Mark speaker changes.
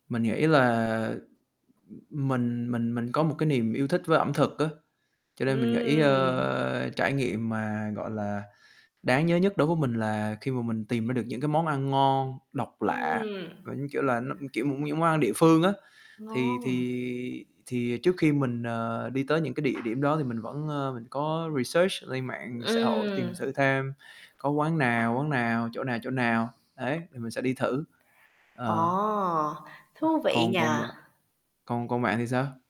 Speaker 1: Mình nghĩ là, ừm, mình mình mình có một cái niềm yêu thích với ẩm thực á, cho nên mình nghĩ,
Speaker 2: Ừm.
Speaker 1: ơ, trải nghiệm mà, gọi là, đáng nhớ nhất đối với mình là khi mà mình tìm ra được những cái món ăn ngon, độc lạ,
Speaker 2: Ừm.
Speaker 1: và như kiểu là nó, ưm, kiểu, [unintelligible] món ăn địa phương á. Thì
Speaker 2: Ngon.
Speaker 1: thì thì trước khi mình, ờ, đi tới những cái địa điểm đó thì mình vẫn, ơ, mình có research lên mạng xã hội tìm
Speaker 2: Ừm.
Speaker 1: thử thêm có quán nào, quán nào, chỗ nào, chỗ nào ấy thì mình sẽ đi thử. Ờ.
Speaker 2: Ồ, thú vị
Speaker 1: Còn còn
Speaker 2: nhỉ?
Speaker 1: bạn còn còn bạn thì sao?